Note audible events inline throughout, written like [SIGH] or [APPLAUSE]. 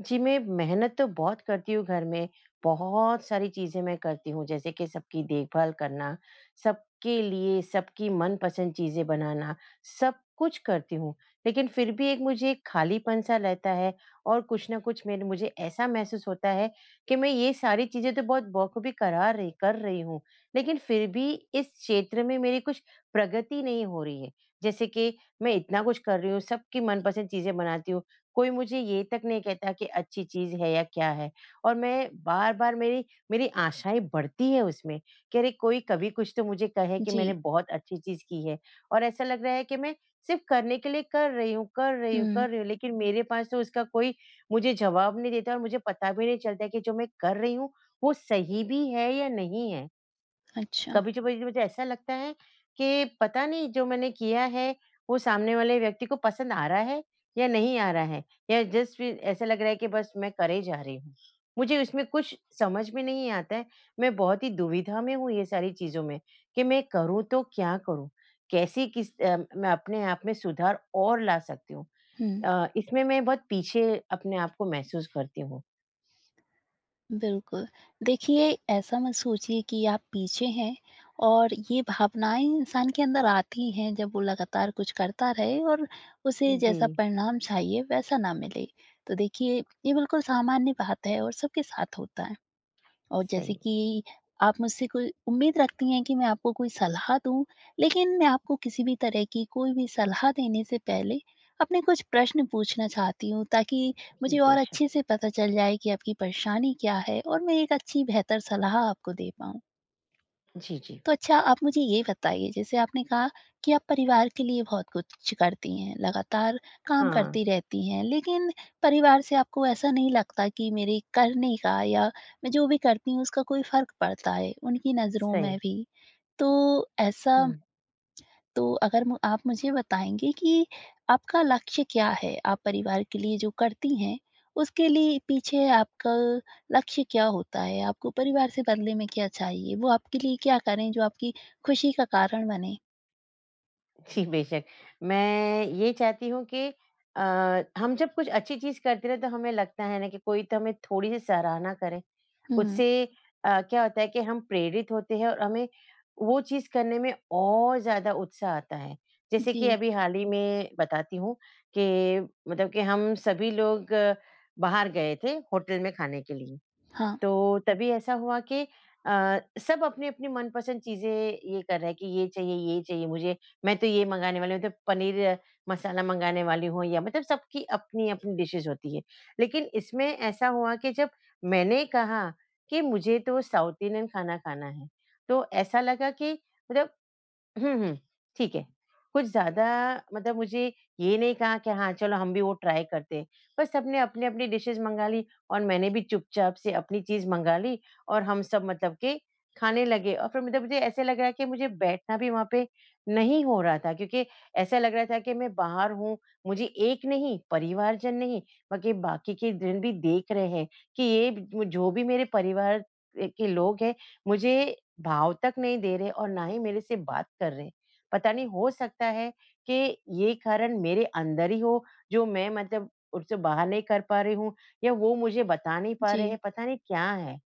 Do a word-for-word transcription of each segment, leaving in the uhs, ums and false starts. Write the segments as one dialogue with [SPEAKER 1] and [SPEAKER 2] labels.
[SPEAKER 1] जी, मैं मेहनत तो बहुत करती हूँ घर में बहुत सारी चीज़ें मैं करती हूँ, जैसे कि सबकी देखभाल करना, सबके लिए सबकी मनपसंद चीज़ें बनाना, सब कुछ करती हूँ। लेकिन फिर भी एक मुझे एक खालीपन सा रहता है और कुछ ना कुछ मेरे मुझे ऐसा महसूस होता है कि मैं ये सारी चीज़ें तो बहुत बखूबी करा र कर रही हूँ लेकिन फिर भी इस क्षेत्र में मेरी कुछ प्रगति नहीं हो रही है। जैसे कि मैं इतना कुछ कर रही हूँ, सबकी मनपसंद चीज़ें बनाती हूँ कोई मुझे ये तक नहीं कहता कि अच्छी चीज़ है या क्या है। और मैं बार-बार मेरी, मेरी आशाएँ बढ़ती हैं उसमें कि अरे, कोई कभी कुछ तो मुझे कहे कि मैंने
[SPEAKER 2] जी।
[SPEAKER 1] बहुत अच्छी चीज़ की है। और ऐसा लग रहा है कि मैं सिर्फ़ करने के लिए कर रही हूँ कर रही हूँ
[SPEAKER 2] हुँ।
[SPEAKER 1] कर रही हूँ लेकिन मेरे पास तो उसका कोई मुझे जवाब नहीं देता और मुझे पता भी नहीं चलता है कि जो मैं कर रही हूँ वो सही भी है या नहीं है।
[SPEAKER 2] अच्छा।
[SPEAKER 1] कभी [UNINTELLIGIBLE] मुझे ऐसा लगता है कि पता नहीं जो मैंने किया है वो सामने वाले व्यक्ति को पसंद आ रहा है या नहीं आ रहा है या जस्ट फिर ऐसा लग रहा है कि बस मैं करे जा रही हूँ। मुझे उसमें कुछ समझ में नहीं आता है मैं बहुत ही दुविधा में हूँ ये सारी चीज़ों में कि मैं करूँ तो क्या करूँ, कैसी किस अ, मैं अपने आप में सुधार और ला सकती हूँ?
[SPEAKER 2] हुँ।
[SPEAKER 1] अ, इसमें मैं बहुत पीछे अपने आप को महसूस करती हूँ।
[SPEAKER 2] बिल्कुल। देखिए ऐसा मत सोचिए कि आप पीछे हैं और ये भावनाएँ इंसान के अंदर आती हैं जब वो लगातार कुछ करता रहे और उसे जैसा
[SPEAKER 1] जी।
[SPEAKER 2] परिणाम चाहिए वैसा ना मिले। तो देखिए ये बिल्कुल सामान्य बात है और सबके साथ होता है। और
[SPEAKER 1] सही
[SPEAKER 2] जैसे
[SPEAKER 1] है।
[SPEAKER 2] कि आप मुझसे कोई उम्मीद रखती हैं कि, मैं आपको कोई सलाह दूँ लेकिन मैं आपको किसी भी तरह की कोई भी सलाह देने से पहले अपने कुछ प्रश्न पूछना चाहती हूँ, ताकि
[SPEAKER 1] जी,
[SPEAKER 2] मुझे और
[SPEAKER 1] बेशक।
[SPEAKER 2] अच्छे से पता चल जाए कि आपकी परेशानी क्या है? और मैं एक अच्छी बेहतर सलाह आपको दे पाऊँ?
[SPEAKER 1] जी, जी।
[SPEAKER 2] तो अच्छा आप मुझे ये बताइए जैसे आपने कहा कि आप परिवार के लिए बहुत कुछ करती हैं, लगातार काम करती
[SPEAKER 1] हाँ।
[SPEAKER 2] रहती हैं, लेकिन परिवार से आपको ऐसा नहीं लगता कि मेरे करने का या मैं जो भी करती हूँ उसका कोई फर्क पड़ता है उनकी नज़रों
[SPEAKER 1] सही।
[SPEAKER 2] में भी। तो ऐसा [SMACKS LIPS]
[SPEAKER 1] हुँ।
[SPEAKER 2] तो अगर म आप मुझे बताएँगे कि आपका लक्ष्य क्या है? आप परिवार के लिए जो करती हैं उसके लिए पीछे आपका लक्ष्य क्या होता है? आपको परिवार से बदले में क्या चाहिए, वो आपके लिए क्या करें जो आपकी खुशी का कारण बने?
[SPEAKER 1] जी, बेशक। मैं ये चाहती हूँ कि अ, हम जब कुछ अच्छी चीज़ करते हैं तो हमें लगता है ना कि कोई तो हमें थोड़ी-सी सराहना करे।
[SPEAKER 2] हुँ।
[SPEAKER 1] उससे अ, क्या होता है कि हम प्रेरित होते हैं और हमें वो चीज़ करने में और ज़्यादा उत्साह आता है। जैसे कि
[SPEAKER 2] जी।
[SPEAKER 1] अभी हाल ही में बताती हूँ कि मतलब कि हम सभी लोग बाहर गए थे, होटल में खाने के लिए
[SPEAKER 2] हाँ।
[SPEAKER 1] तो तभी ऐसा हुआ कि अ, सब अपनी-अपनी मनपसंद चीज़ें ये कर रहा है कि ये चाहिए ये चाहिए मुझे, मैं तो ये मँगाने वाली हूँ तो पनीर मसाला मँगाने वाली हूँ या मतलब सबकी अपनी-अपनी डिशेस होती है। लेकिन इसमें ऐसा हुआ कि जब मैंने कहा कि मुझे तो साउथ इंडियन खाना खाना है तो ऐसा लगा कि मतलब हुँ, हुँ ठीक है, कुछ ज़्यादा मतलब मुझे ये नहीं कहा कि हाँ, चलो हम भी वो ट्राई करते हैं पर सबने अपनी-अपनी डिशेस मँगा ली और मैंने भी चुपचाप से अपनी चीज़ मँगा ली और हम सब मतलब के खाने लगे। और फिर मतलब मुझे ऐसे लग रहा है कि मुझे बैठना भी वहाँ पे नहीं हो रहा था क्योंकि ऐसा लग रहा था कि मैं बाहर हूँ मुझे एक नहीं, परिवारजन नहीं बल्कि बाकी के दिन भी देख रहे हैं कि ये जो ब जो भी मेरे परिवार अ, के लोग हैं मुझे भाव तक नहीं दे रहे और ना ही मेरे से बात कर रहे। पता नहीं हो सकता है कि ये कारण मेरे अंदर ही हो जो मैं मतलब उसे बाहर नहीं कर पा रही हूँ या वो मुझे बता नहीं पा रहे
[SPEAKER 2] जी।
[SPEAKER 1] हैं, पता नहीं क्या है?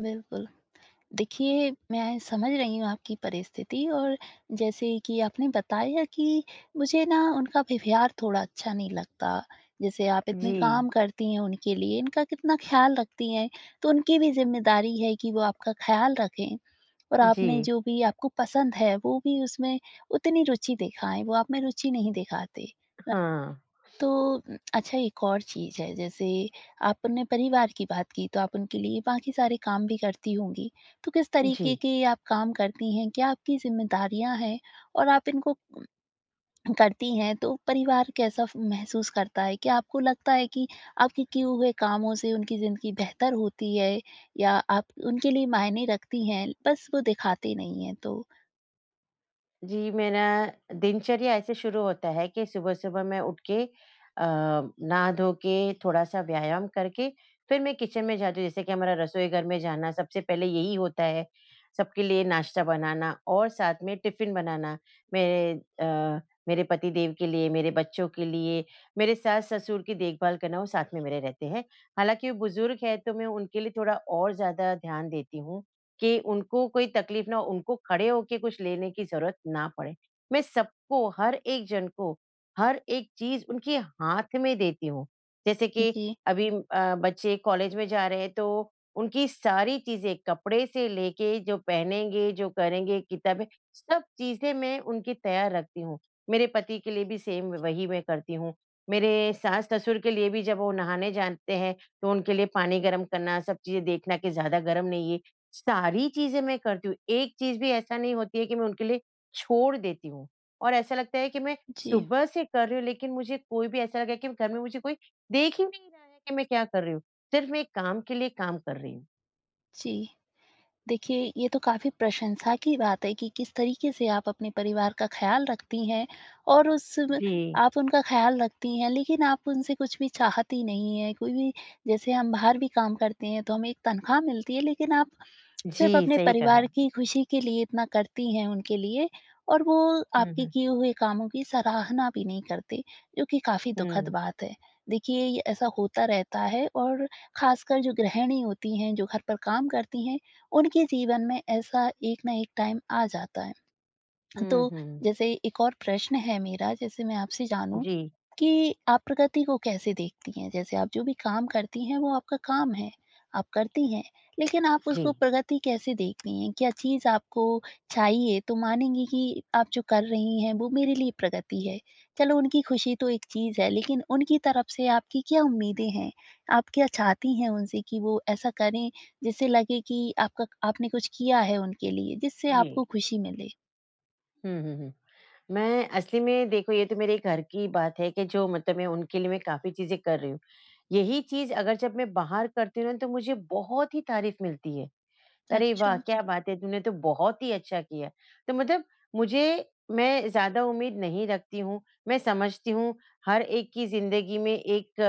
[SPEAKER 2] बिल्कुल। देखिए मैं समझ रही हूँ आपकी परिस्थिति और जैसे कि आपने बताया कि मुझे ना उनका व्यवहार थोड़ा अच्छा नहीं लगता। जैसे आप इतने
[SPEAKER 1] जी।
[SPEAKER 2] काम करती हैं, उनके लिए इनका कितना ख़याल रखती हैं तो उनकी भी ज़िम्मेदारी है कि वो आपका ख़याल रखें। और आपने
[SPEAKER 1] जी।
[SPEAKER 2] जो भी आपको पसंद है वो भी उसमें उतनी रुचि दिखाएँ, वो आप में रुचि नहीं दिखाते। अ,
[SPEAKER 1] हाँ।
[SPEAKER 2] तो
[SPEAKER 1] [SNIFFS]
[SPEAKER 2] उम, अच्छा एक और चीज़ है जैसे आपने परिवार की बात की तो आप उनके लिए बाकी सारे काम भी करती होंगी तो किस तरीके
[SPEAKER 1] जी।
[SPEAKER 2] के आप काम करती हैं, क्या आपकी ज़िम्मेदारियाँ हैं? और आप इनको करती हैं तो परिवार कैसा फ महसूस करता है? क्या आपको लगता है कि आपके किए हुए कामों से उनकी ज़िंदगी बेहतर होती है या आप उनके लिए मायने रखती हैं, बस वो दिखाते नहीं हैं? तो
[SPEAKER 1] जी, मेरा दिनचर्या ऐसे शुरू होता है कि सुबह-सुबह मैं उठ के अ, नहा धो के थोड़ा-सा व्यायाम करके फिर मैं किचन में जाती हूँ। जैसे कि हमारा रसोई घर में जाना सबसे पहले यही होता है, सबके लिए नाश्ता बनाना और साथ में टिफ़िन बनाना मेरे अ, मेरे पति देव के लिए, मेरे बच्चों के लिए, मेरे सास-ससुर की देखभाल करना वो साथ में मेरे रहते हैं। हालाँकि वो बुजुर्ग है तो मैं उनके लिए थोड़ा और ज़्यादा ध्यान देती हूँ कि उनको कोई तकलीफ़ ना हो, उनको खड़े होके कुछ लेने की ज़रूरत ना पड़े। मैं सबको हर एक जन को, हर एक चीज़ उनके हाथ में देती हूँ। जैसे कि
[SPEAKER 2] जी।
[SPEAKER 1] अभी अ, बच्चे कॉलेज में जा रहे हैं तो उनकी सारी चीज़ें कपड़े से लेके जो पहनेंगे, जो करेंगे किताबें सब चीज़ें मैं उनकी तैयार रखती हूँ। मेरे पति के लिए भी सेम वही मैं करती हूँ। मेरे सास-ससुर के लिए भी जब वो नहाने जाते हैं तो उनके लिए पानी गर्म करना सब चीज़ें देखना कि ज़्यादा गर्म नहीं है सारी चीज़ें मैं करती हूँ। एक चीज़ भी ऐसा नहीं होती है कि मैं उनके लिए छोड़ देती हूँ और ऐसा लगता है कि मैं
[SPEAKER 2] जी।
[SPEAKER 1] सुबह से कर रही हूँ लेकिन मुझे कोई भी ऐसा लग रहा है कि घर में मुझे कोई देख ही नहीं रहा है कि मैं क्या कर रही हूँ सिर्फ़ मैं एक काम के लिए काम कर रही हूँ।
[SPEAKER 2] जी। देखिए, ये तो काफी प्रशंसा की बात है कि किस तरीके से आप अपने परिवार का ख़याल रखती हैं। और उस में
[SPEAKER 1] जी।
[SPEAKER 2] आप उनका ख़याल रखती हैं, लेकिन आप उनसे कुछ भी चाहती नहीं हैं। कोई भी जैसे हम बाहर भी काम करते हैं तो हमें एक तनख़्वाह मिलती है, लेकिन आप [CLICKS TONGUE] सिर्फ़
[SPEAKER 1] जी।
[SPEAKER 2] अपने
[SPEAKER 1] सही कहा।
[SPEAKER 2] परिवार की खुशी के लिए इतना करती हैं उनके लिए, और वो
[SPEAKER 1] हुँ,
[SPEAKER 2] आपके
[SPEAKER 1] हुँ।
[SPEAKER 2] किए हुए कामों की सराहना भी नहीं करते जो कि काफ़ी दुखद
[SPEAKER 1] हुँ।
[SPEAKER 2] बात है। देखिए ये ऐसा होता रहता है और खासकर जो गृहिणी होती हैं, जो घर पर काम करती हैं उनके जीवन में ऐसा एक ना एक टाइम आ जाता है।
[SPEAKER 1] हुँ,
[SPEAKER 2] तो
[SPEAKER 1] हुँ।
[SPEAKER 2] जैसे एक और प्रश्न है मेरा जैसे मैं आपसे जानूँ
[SPEAKER 1] जी।
[SPEAKER 2] कि आप प्रगति को कैसे देखती हैं? जैसे आप जो भी काम करती हैं वो आपका काम है, आप करती हैं, लेकिन आप उसको
[SPEAKER 1] जी।
[SPEAKER 2] प्रगति कैसे देखती हैं? क्या चीज़ आपको चाहिए? तो मानेंगी कि आप जो कर रही हैं वो मेरे लिए प्रगति है। चलो उनकी खुशी तो एक चीज़ है लेकिन उनकी तरफ से आपकी क्या उम्मीदें हैं? आप क्या चाहती हैं उनसे कि वो ऐसा करें जिससे लगे कि आपका आपने कुछ किया है उनके लिए? जिससे
[SPEAKER 1] जी।
[SPEAKER 2] आपको खुशी मिले।
[SPEAKER 1] हुँ, हुँ, हुँ। मैं असली में देखो ये तो मेरे घर की बात है कि जो मतलब मैं उनके लिए मैं काफ़ी चीज़ें कर रही हूँ। यही चीज़ अगर जब मैं बाहर करती हूँ ना तो मुझे बहुत ही तारीफ़ मिलती है। अरे, वाह
[SPEAKER 2] अच्छा।
[SPEAKER 1] क्या बात है! तूने तो बहुत ही अच्छा किया। तो मतलब मुझे मैं ज़्यादा उम्मीद नहीं रखती हूँ। मैं समझती हूँ हर एक की ज़िंदगी में एक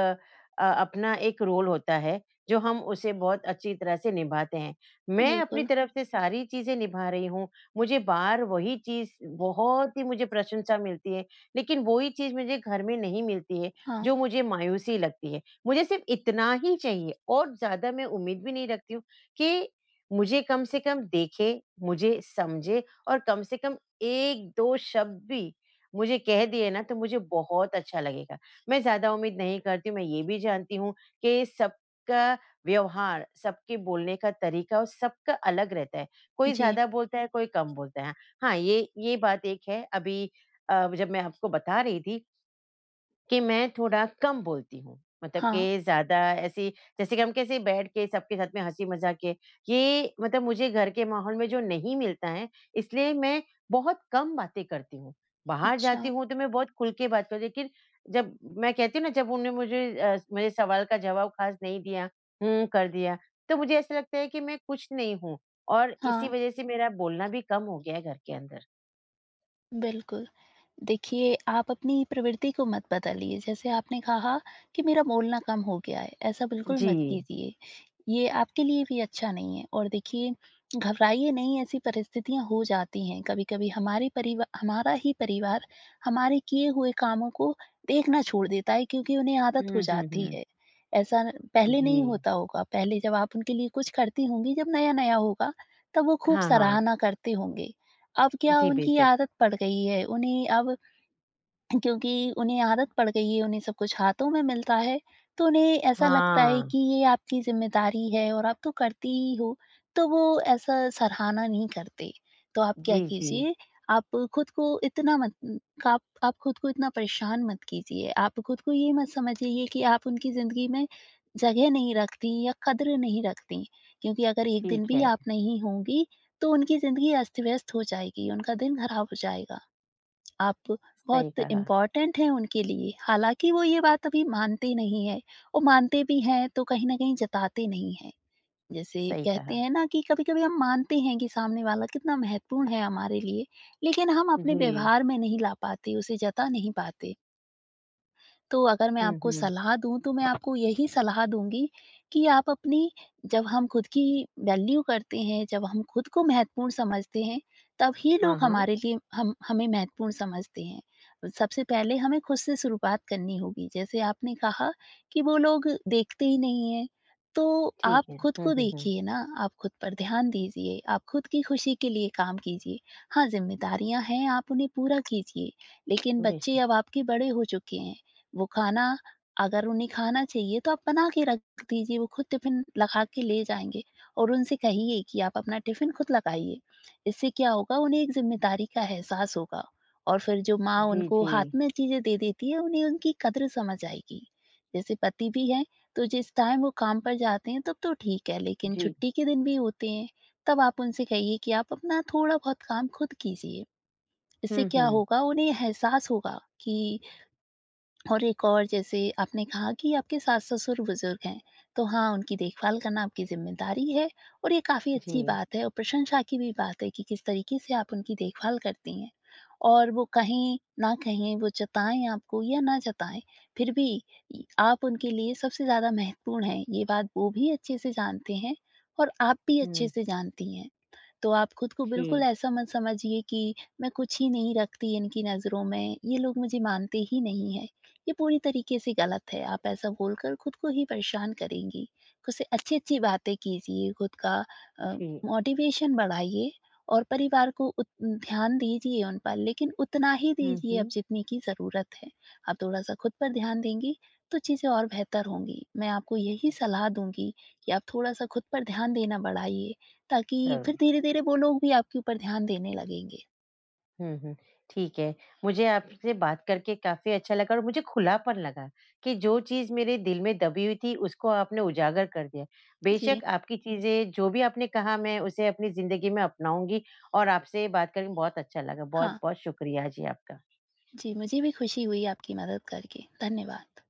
[SPEAKER 1] अ, अपना एक रोल होता है जो हम उसे बहुत अच्छी तरह से निभाते हैं। मैं अपनी
[SPEAKER 2] बिल्कुल।
[SPEAKER 1] तरफ से सारी चीज़ें निभा रही हूँ, मुझे बाहर वही चीज़ बहुत ही मुझे प्रशंसा मिलती है लेकिन वो ही चीज़ मुझे घर में नहीं मिलती है
[SPEAKER 2] हाँ।
[SPEAKER 1] जो मुझे मायूसी लगती है। मुझे सिर्फ़ इतना ही चाहिए और ज़्यादा मैं उम्मीद भी नहीं रखती हूँ कि मुझे कम से कम देखे, मुझे समझे और कम से कम एक दो शब्द भी मुझे कह दिए ना तो मुझे बहुत अच्छा लगेगा। मैं ज़्यादा उम्मीद नहीं करती हूँ, मैं ये भी जानती हूँ कि सबका व्यवहार, सबके बोलने का तरीका वो सबका अलग रहता है। कोई
[SPEAKER 2] जी।
[SPEAKER 1] ज़्यादा बोलता है, कोई कम बोलता है। हाँ ये, ये बात एक है अभी अ, जब मैं आपको बता रही थी कि मैं थोड़ा कम बोलती हूँ। मतलब
[SPEAKER 2] हाँ।
[SPEAKER 1] कि ज़्यादा ऐसी जैसे कि हम कैसे बैठ के सबके साथ में हँसी मज़ाक किए, ये मतलब मुझे घर के माहौल में जो नहीं मिलता है इसलिए मैं बहुत कम बातें करती हूँ। बाहर जाती
[SPEAKER 2] अच्छा।
[SPEAKER 1] हूँ तो मैं बहुत खुल के बात करती हूँ, लेकिन जब मैं कहती हूँ ना जब उन्होंने मुझे अ, मुझे सवाल का जवाब ख़ास नहीं दिया। हुँ, कर दिया। तो मुझे ऐसा लगता है कि मैं कुछ नहीं हूँ और इसी
[SPEAKER 2] हाँ।
[SPEAKER 1] वजह से मेरा बोलना भी कम हो गया है घर के अंदर।
[SPEAKER 2] बिल्कुल, देखिए आप अपनी प्रवृत्ति को मत बदलिए, जैसे आपने कहा कि मेरा बोलना कम हो गया है, ऐसा बिल्कुल मत
[SPEAKER 1] जी।
[SPEAKER 2] कीजिए। ये आपके लिए भी अच्छा नहीं है और देखिए घबराइए नहीं ऐसी परिस्थितियाँ हो जाती हैं। कभी-कभी हमारी परिवा हमारा ही परिवार हमारे किए हुए कामों को देखना छोड़ देता है क्योंकि उन्हें आदत हो
[SPEAKER 1] हुँ, हुँ,
[SPEAKER 2] जाती
[SPEAKER 1] हुँ।
[SPEAKER 2] है। ऐसा पहले नहीं
[SPEAKER 1] जी।
[SPEAKER 2] होता होगा, पहले जब आप उनके लिए कुछ करती होंगी जब नया-नया होगा तब वो खूब
[SPEAKER 1] हाँ, हाँ।
[SPEAKER 2] सराहना करते होंगे। अब क्या
[SPEAKER 1] जी,
[SPEAKER 2] उनकी
[SPEAKER 1] बेशक़।
[SPEAKER 2] आदत पड़ गई है उन्हें अब क्योंकि उन्हें आदत पड़ गई है उन्हें सब कुछ हाथों में मिलता है, तो उन्हें ऐसा लगता है
[SPEAKER 1] हाँ।
[SPEAKER 2] कि ये आपकी ज़िम्मेदारी है और आप तो करती ही हो, तो वो ऐसा सराहना नहीं करते। तो आप क्या
[SPEAKER 1] जी, जी।
[SPEAKER 2] कीजिए, आप खुद को इतना मत आप आप ख़ुद को इतना परेशान मत कीजिए, आप ख़ुद को ये मत समझिए कि आप उनकी ज़िंदगी में जगह नहीं रखतीं या कदर नहीं रखतीं। क्योंकि अगर एक दिन
[SPEAKER 1] ठीक
[SPEAKER 2] भी
[SPEAKER 1] है।
[SPEAKER 2] आप नहीं होंगी तो उनकी ज़िंदगी अस्त-व्यस्त हो जाएगी, उनका दिन ख़राब हो जाएगा। आप
[SPEAKER 1] सही
[SPEAKER 2] बहुत
[SPEAKER 1] कहा।
[SPEAKER 2] इम्पोर्टेंट हैं उनके लिए, हालाँकि वो ये बात अभी मानते नहीं हैं और मानते भी हैं तो कहीं न कहीं जताते नहीं हैं। जैसे
[SPEAKER 1] सही
[SPEAKER 2] कहते
[SPEAKER 1] कहा।
[SPEAKER 2] हैं ना कि कभी-कभी हम मानते हैं कि सामने वाला कितना महत्वपूर्ण है हमारे लिए। लेकिन हम अपने
[SPEAKER 1] जी।
[SPEAKER 2] व्यवहार में नहीं ला पाते, उसे जता नहीं पाते। तो अगर मैं
[SPEAKER 1] हुँ,
[SPEAKER 2] आपको
[SPEAKER 1] हुँ।
[SPEAKER 2] सलाह दूँ तो मैं आपको यही सलाह दूँगी कि आप अपनी जब हम ख़ुद की वैल्यू करते हैं, जब हम ख़ुद को महत्वपूर्ण समझते हैं तब ही लोग
[SPEAKER 1] हाँ, हाँ।
[SPEAKER 2] हमारे लिए हम हमें महत्वपूर्ण समझते हैं। सबसे पहले हमें ख़ुद से शुरुआत करनी होगी। जैसे आपने कहा कि वो लोग देखते ही नहीं हैं, तो आप
[SPEAKER 1] ठीक है।
[SPEAKER 2] ख़ुद
[SPEAKER 1] हुँ,
[SPEAKER 2] को
[SPEAKER 1] हुँ, हुँ।
[SPEAKER 2] देखिए ना, आप ख़ुद पर ध्यान दीजिए, आप ख़ुद की ख़ुशी के लिए काम कीजिए। हाँ ज़िम्मेदारियाँ हैं आप उन्हें पूरा कीजिए लेकिन बच्चे
[SPEAKER 1] बेशक।
[SPEAKER 2] अब आपके बड़े हो चुके हैं। वो खाना अगर उन्हें खाना चाहिए तो आप बना के रख दीजिए वो ख़ुद टिफिन लगा के ले जाएँगे और उनसे कहिए कि आप अपना टिफिन खुद लगाइए। इससे क्या होगा उन्हें एक ज़िम्मेदारी का एहसास होगा और फ़िर जो माँ
[SPEAKER 1] जी,
[SPEAKER 2] उनको हाथ
[SPEAKER 1] जी।
[SPEAKER 2] में चीज़ें दे देती हैं उन्हें उनकी कदर समझ आएगी। जैसे पति भी हैं तो जिस टाइम वो काम पर जाते हैं तब तो ठीक है, लेकिन
[SPEAKER 1] जी।
[SPEAKER 2] छुट्टी के दिन भी होते हैं। तब आप उनसे कहिए कि आप अपना थोड़ा-बहुत काम ख़ुद कीजिए। इससे
[SPEAKER 1] हुँ,
[SPEAKER 2] क्या
[SPEAKER 1] हुँ।
[SPEAKER 2] होगा उन्हें एहसास होगा कि और एक और जैसे आपने कहा कि आपके सास-ससुर बुज़ुर्ग हैं। तो हाँ, उनकी देखभाल करना आपकी ज़िम्मेदारी है और ये काफ़ी अच्छी
[SPEAKER 1] जी।
[SPEAKER 2] बात है और प्रशंसा की भी बात है कि किस तरीके से आप उनकी देखभाल करती हैं। और वो कहीं न कहीं वो जताएँ आपको या ना जताएँ फ़िर भी य आप उनके लिए सबसे ज़्यादा महत्वपूर्ण हैं ये बात वो भी अच्छे से जानते हैं और आप भी अच्छे
[SPEAKER 1] हुँ।
[SPEAKER 2] से जानती हैं। तो आप ख़ुद को बिल्कुल
[SPEAKER 1] जी।
[SPEAKER 2] ऐसा मत समझिए कि मैं कुछ ही नहीं रखती इनकी नज़रों में, ये लोग मुझे मानते ही नहीं हैं। ये पूरी तरीके से ग़लत है आप ऐसा बोलकर ख़ुद को ही परेशान करेंगी। ख़ुद से अच्छी-अच्छी बातें कीजिए, ख़ुद का अ,
[SPEAKER 1] जी।
[SPEAKER 2] मोटिवेशन बढ़ाइए और परिवार को उत ध्यान दीजिए उन पर लेकिन उतना ही
[SPEAKER 1] हुँ,
[SPEAKER 2] दीजिए अब
[SPEAKER 1] हुँ।
[SPEAKER 2] जितने की ज़रूरत है। आप थोड़ा-सा ख़ुद पर ध्यान देंगी तो चीज़ें और बेहतर होंगी। मैं आपको यही सलाह दूँगी कि आप थोड़ा-सा ख़ुद पर ध्यान देना बढ़ाइए ताकि
[SPEAKER 1] सही।
[SPEAKER 2] फ़िर धीरे-धीरे वो लोग भी आपके ऊपर ध्यान देने लगेंगे।
[SPEAKER 1] हुँ, हुँ ठीक है। मुझे आपसे बात करके काफ़ी अच्छा लगा और मुझे खुलापन लगा कि जो चीज़ मेरे दिल में दबी हुई थी उसको आपने उजागर कर दिया।
[SPEAKER 2] जी।
[SPEAKER 1] बेशक आपकी चीज़ें जो भी आपने कहा मैं उसे अपनी ज़िंदगी में अपनाऊँगी और आपसे बात करके बहुत अच्छा लगा।
[SPEAKER 2] हाँ।
[SPEAKER 1] बहुत-बहुत शुक्रिया जी आपका।
[SPEAKER 2] जी, मुझे भी ख़ुशी हुई आपकी मदद करके। धन्यवाद।